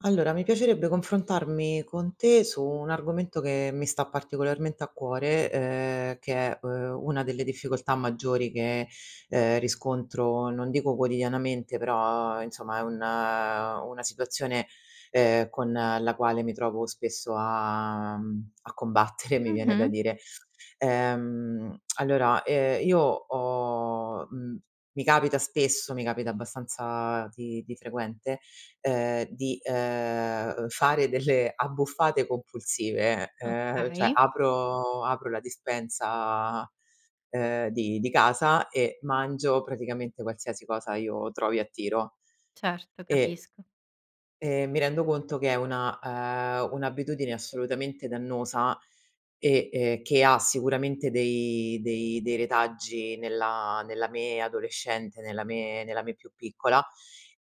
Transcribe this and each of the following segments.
Allora mi piacerebbe confrontarmi con te su un argomento che mi sta particolarmente a cuore, ehm, che è, uhm, una delle difficoltà maggiori che, ehm, riscontro non dico quotidianamente però insomma è un una situazione, ehm, con la quale mi trovo spesso a, mhmm, a combattere, mi viene da Mh-mh. dire. Ehm, allora, ehm, io ho, mhmm, mi capita spesso mi capita abbastanza di di frequente, ehm, di, ehm, fare delle abbuffate compulsive, ehm, cioè Okay. apro apro la dispensa, ehm, di di casa e mangio praticamente qualsiasi cosa io trovi a tiro. Certo, E capisco. e mi rendo conto che è una, ehm, un'abitudine assolutamente dannosa e e che ha sicuramente dei dei dei retaggi nella nella me adolescente, nella me nella me più piccola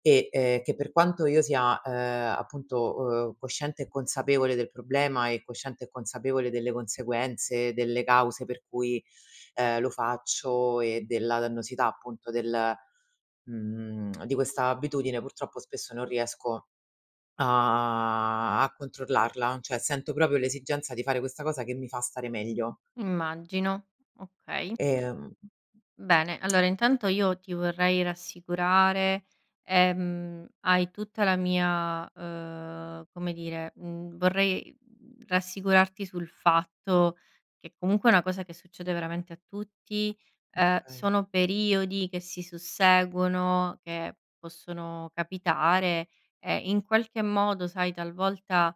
e che per quanto io sia, ehm, appunto o cosciente e consapevole del problema e cosciente e consapevole delle conseguenze, delle cause per cui, ehm, lo faccio e della dannosità appunto del, mhmm di questa abitudine purtroppo spesso non riesco a a controllarla, cioè sento proprio l'esigenza di fare questa cosa che mi fa stare meglio. Immagino, okay. Ehm Bene, allora intanto io ti vorrei rassicurare. Ehm, hai tutta la mia, uhm come dire, mhmm, vorrei, mhmm, rassicurarti sul fatto che comunque è una cosa che succede veramente a tutti. Ehm, Okay. sono periodi che si susseguono, che possono capitare e in qualche modo, sai, talvolta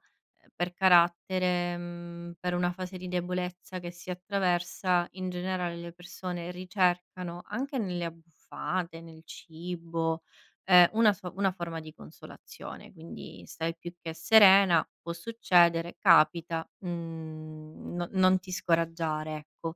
per carattere, mhmm, per una fase di debolezza che si attraversa in generale, le persone ricercano anche nelle abbuffate, nel cibo, ehm, una so una forma di consolazione quindi, stai più che serena, può succedere capita, mhmm, no non ti scoraggiare, ecco.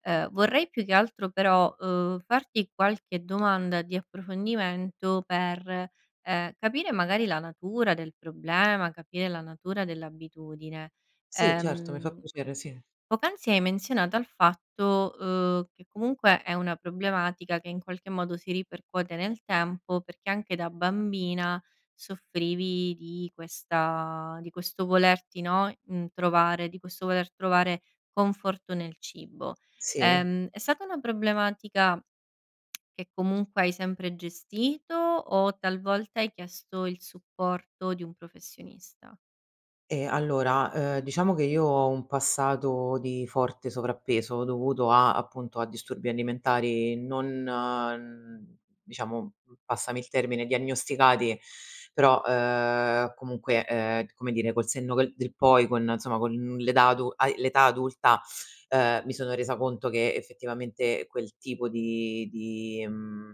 Ehm, vorrei più che altro però, ehm, farti qualche domanda di approfondimento per, ehm, capire magari la natura del problema, capire la natura dell'abitudine. Sì, certo, mi fa Ehm, piacere, sì. poc'anzi hai menzionato al fatto, uhm, che comunque è una problematica che in qualche modo si ripercuote nel tempo perché anche da bambina soffrivi di questa di questo volerti, no, mhmm, trovare di questo voler trovare conforto nel cibo. Sì. Ehm, è stata una problematica che comunque hai sempre gestito o talvolta hai chiesto il supporto di un professionista? Ehm, allora, uhm, diciamo che io ho un passato di forte sovrappeso, dovuto a, appunto, a disturbi alimentari non diciamo, passami il termine, diagnosticati, però, uhm, comunque, ehm, come dire, col senno che del poi, con, insomma, con n l'età adu hai l'età adulta, uhm, mi sono resa conto che, effettivamente, quel tipo di di, mhmm,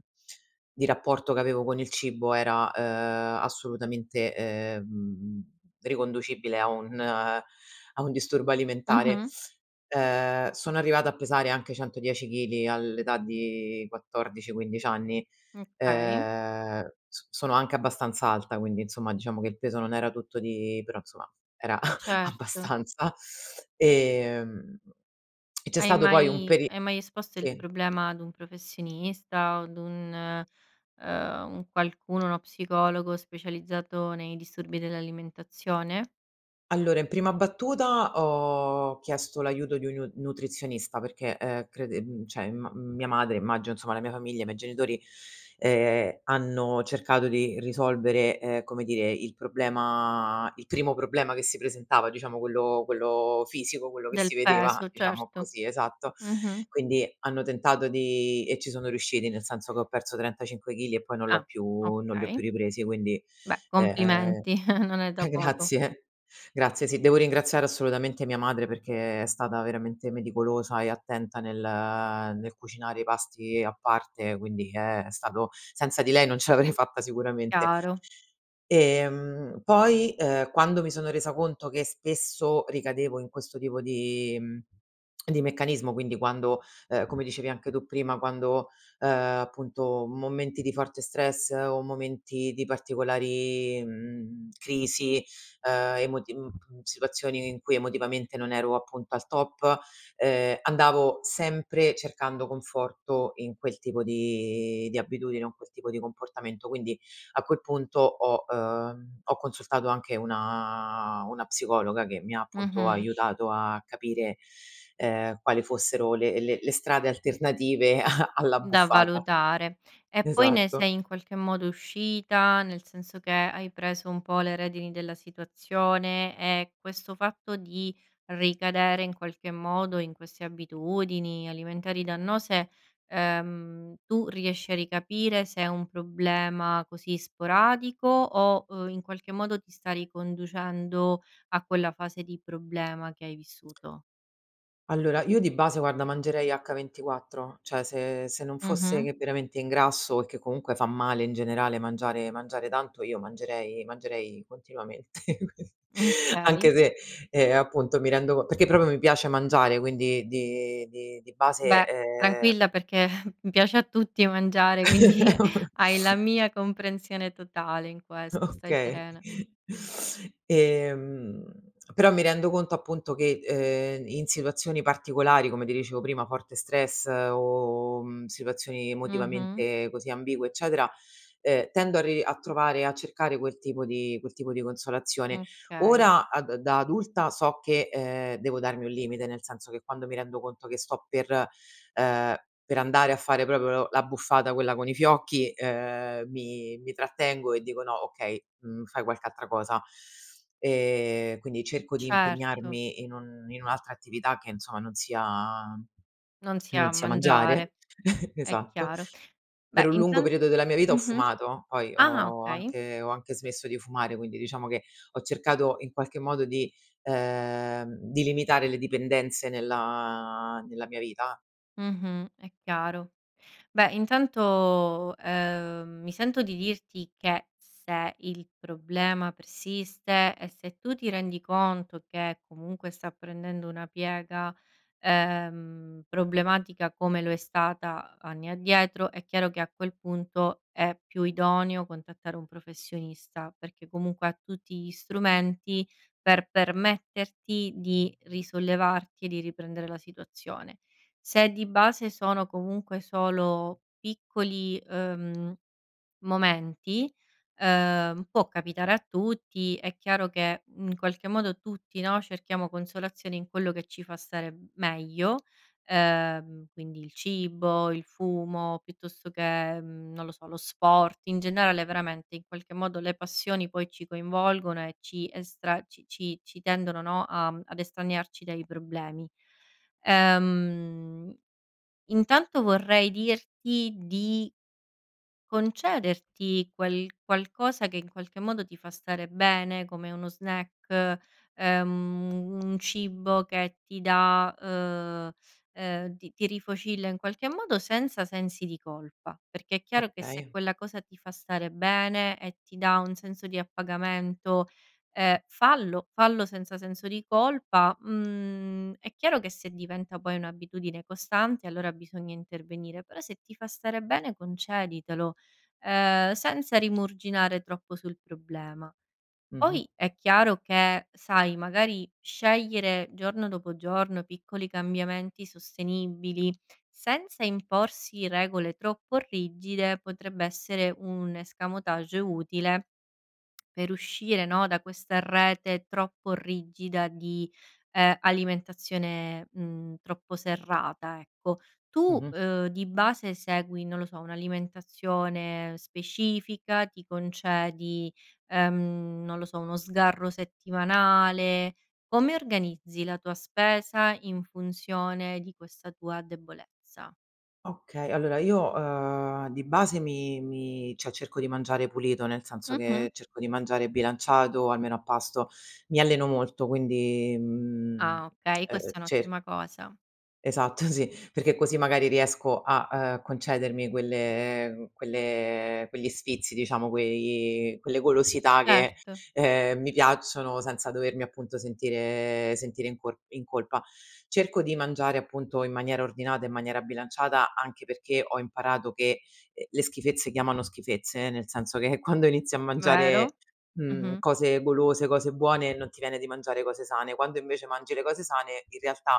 di rapporto che avevo con il cibo era, uhm, assolutamente, ehm, riconducibile a un a un disturbo alimentare. Mh-mh. Uhm, sono arrivata a pesare anche 110 chili all'età di 14, 15 anni. Okay. Ehm, s sono anche abbastanza alta quindi, insomma, diciamo che il peso non era tutto di però, insomma, era Certo. abbastanza, ehm, e c'è Hai stato poi un mai peri hai mai esposto il sì. problema ad un professionista? O ad un, uhm, un qualcuno, uno psicologo specializzato nei disturbi dell'alimentazione? Allora, in prima battuta ho chiesto l'aiuto di un niu nutrizionista perché, uhm, crede mhmm, cioè imma mia madre, immagino insomma, la mia famiglia, i miei genitori, ehm, hanno cercato di risolvere, ehm, come dire, il problema il primo problema che si presentava, diciamo quello quello fisico, quello che Del si vedeva, peso, diciamo certo. così esatto. Mh-mh. Quindi, hanno tentato di e ci sono riusciti, nel senso che ho perso 35 chili, e poi non l'ho Ah. più non li ho più Okay. ripresi quindi, Beh uhm complimenti, non è da eh, poco. grazie! Grazie sì, devo ringraziare assolutamente mia madre, perché è stata veramente meticolosa e attenta nel nel cucinare i pasti a parte quindi Eh! È stato senza di lei, non ce l'avrei fatta sicuramente. Chiaro. Ehm, poi, uhm, quando mi sono resa conto che spesso ricadevo in questo tipo di, mhmm, di meccanismo, quindi quando ehm, come dicevi anche tu prima, quando, uhm, appunto, momenti di forte stress o momenti di particolari, mhmm, crisi, uhm, emoti mhmm, situazioni in cui emotivamente non ero, appunto, al top, uhm, andavo sempre cercando conforto in quel tipo di di abitudine con quel tipo di comportamento. Quindi, a quel punto ho, ehm, ho consultato anche una una psicologa che mi ha, appunto, Mh-mh. aiutato a capire, ehm, quale fossero le le le strade alternative a Da all'abbuffata. valutare. E poi ne Esatto. sei, in qualche modo, uscita? Nel senso che, hai preso un po' le redini della situazione? E questo fatto di, ricadere in qualche modo in queste abitudini alimentari dannose, uhm, tu riesci a ricapire se è un problema, così, sporadico? O, in qualche modo, ti sta riconducendo a quella fase di problema che hai vissuto? Allora io di base, guarda, mangerei h 24 cioè, se se non fosse Mh-mh. che veramente ingrasso e che, comunque, fa male, in generale, mangiare mangiare tanto, io mangerei mangerei continuamente, qui anche Ukay. se ehm, appunto, mi rendo perché, proprio, mi piace mangiare, quindi di di di base Beh, ehm tranquilla perché piace a tutti mangiare, quindi hai la mia comprensione totale in questo, stai Okay. serena. Ehm, però mi rendo conto, appunto, che, uhm, in situazioni particolari, come ti dicevo prima, forte stress o, mhmm, situazioni Mh-mh. emotivamente, così, ambigue, eccetera, uhm, tendo a ri a trovare a cercare quel tipo di quel tipo di consolazione. Okay. Ora, a da da adulta so che, ehm, devo darmi un limite, nel senso che quando mi rendo conto che sto per, ehm, per andare a fare proprio l'abbuffata quella con i fiocchi, uhm, mi mi trattengo e dico: "No, okay. Mhmm, fai qualche altra cosa". Ehm, quindi cerco di Certo. impegnarmi in un in un'altra attività che, insomma, non sia Non sia non sia mangiare mangiare è esatto. chiaro. Per Beh, un lungo intan periodo della mia vita ho mh-mh. fumato, poi Ah! ho Okay. anche ho anche smesso di fumare quindi, diciamo che, ho cercato in qualche modo di, ehm, di limitare le dipendenze nella nella mia vita Mh-mh, è chiaro. Beh, intanto, uhm, mi sento di dirti che se il problema persiste, e se tu ti rendi conto che comunque sta prendendo una piega, ehm, problematica come lo è stata anni addietro, è chiaro che, a quel punto, è più idoneo contattare un professionista perché, comunque, ha tutti gli strumenti per permetterti di risollevarti e di riprendere la situazione. Se di base, sono comunque solo piccoli, uhm, momenti, uhm, può capitare a tutti, è chiaro, mhmm, che in qualche modo tutti, no, cerchiamo consolazioni in quello che ci fa stare b meglio, ehm, quindi il cibo, il fumo, piuttosto che, mhmm, non lo so, lo sport; in generale, veramente, in qualche modo le passioni poi ci coinvolgono e ci estra ci ci ci tendono, no, a mhmm, ad estraniarci dai problemi. Ehm, intanto vorrei dirti di concederti quel qualcosa che, in qualche modo, ti fa stare bene, come uno snack, ehm, u un cibo che ti dà, uhm, ehm, ti ti rifocilla in qualche modo, senza sensi di colpa; perché è chiaro che se Okay. quella cosa ti fa stare bene e ti dà un senso di appagamento, ehm, fallo fallo senza senso di colpa. Mhmm, è chiaro che se diventa poi un'abitudine costante, allora bisogna intervenire, però se ti fa stare bene conceditelo, ehm, senza rimuginare troppo sul problema. Mh-mh. Poi, è chiaro che sai, magari, scegliere giorno dopo giorno piccoli cambiamenti sostenibili, senza imporsi regole troppo rigide, potrebbe essere un escamotage utile per uscire, no, da questa rete troppo rigida di, ehm, alimentazione, mhmm, troppo serrata, ecco. Tu, Mh-mh. uhm, di base segui, non lo so, un'alimentazione specifica? Ti concedi, ehm, non lo so, uno sgarro settimanale? Come organizzi la tua spesa in funzione di questa tua debolezza? Okay. Allora io, uhm, di base mi mi cioè, cerco di mangiare pulito, nel senso che Mh-mh. cerco di mangiare bilanciato almeno a pasto. Mi alleno molto quindi, mhmm, uhm Ah, okay. uhm Questa è cer un'ottima cosa. Esatto, sì! Perché così, magari, riesco a, uhm, concedermi quelle quelle quegli sfizi, diciamo, quei quelle golosità che, Certo. ehm, mi piacciono senza dovermi, appunto, sentire sentire in cor in colpa. Cerco di mangiare, appunto, in maniera ordinata, in maniera bilanciata anche perché, ho imparato che, uhm, le schifezze chiamano schifezze, eh, nel senso che quando inizi a Vero. mangiare, mhmm, Mh-mh. cose golose, cose buone non ti viene di mangiare cose sane; quando, invece, mangi le cose sane, in realtà,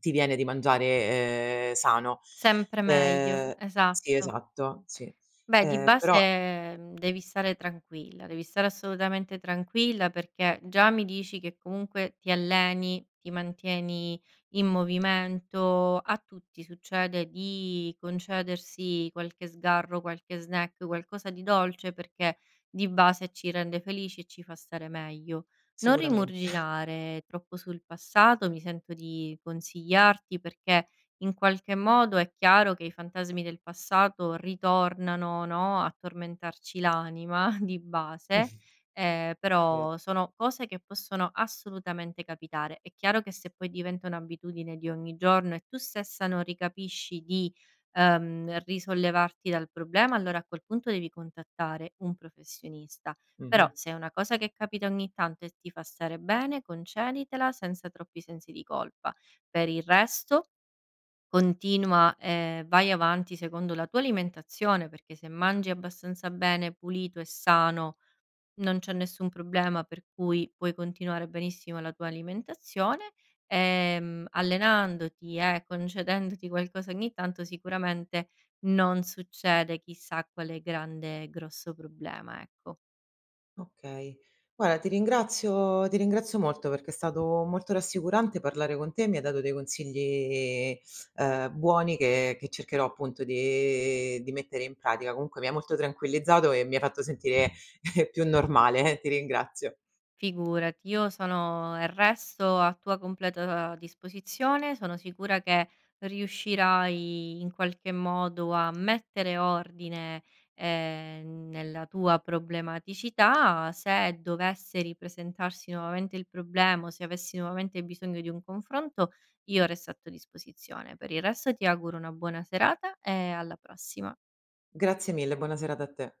ti viene di mangiare, ehm, sano. Sempre meglio, Ehm sì esatto. esatto, sì. Beh, di Ehm, però base, mhmm, devi stare tranquilla. Devi stare assolutamente tranquilla, perché già mi dici che, comunque, ti alleni, ti mantieni in movimento. A tutti succede di concedersi qualche sgarro, qualche snack, qualcosa di dolce, perché di base ci rende felici e ci fa stare meglio. Non Sicuramente. rimuginare troppo sul passato, mi sento di consigliarti, perché in qualche modo, è chiaro, che i fantasmi del passato ritornano, no, a tormentarci l'anima, di base, ehm, Ver però sono cose che possono assolutamente capitare. È chiaro che se poi diventa un'abitudine di ogni giorno, e tu stessa non ricapisci di uhm risollevarti dal problema, allora a quel punto devi contattare un professionista. Però, Mh-mh. se è una cosa che capita ogni tanto e ti fa stare bene, conceditela senza troppi sensi di colpa. Per il resto, continua, ehm, vai avanti secondo la tua alimentazione, perché se mangi abbastanza bene, pulito e sano, non c'è nessun problema, per cui puoi continuare benissimo la tua alimentazione, ehm, allenandoti e concedendoti qualcosa ogni tanto, sicuramente non succede chissà quale grande e grosso problema, ecco. Okay. Guarda ti ringrazio ti ringrazio molto, perché è stato molto rassicurante parlare con te. Mi hai dato dei consigli, uhm, buoni che che cercherò, appunto, di di mettere in pratica. Comunque mi hai molto tranquillizzato e mi hai fatto sentire più normale, ti ringrazio. Figurati, io sono resto a tua completa disposizione. Sono sicura che riuscirai, in qualche, modo a mettere ordine, ehm, nella tua problematicità. Se dovesse ripresentarsi nuovamente il problema, o se avessi nuovamente bisogno di un confronto, io resto a tua disposizione. Per il resto, ti auguro una buona serata e alla prossima. Grazie mille, buona serata a te.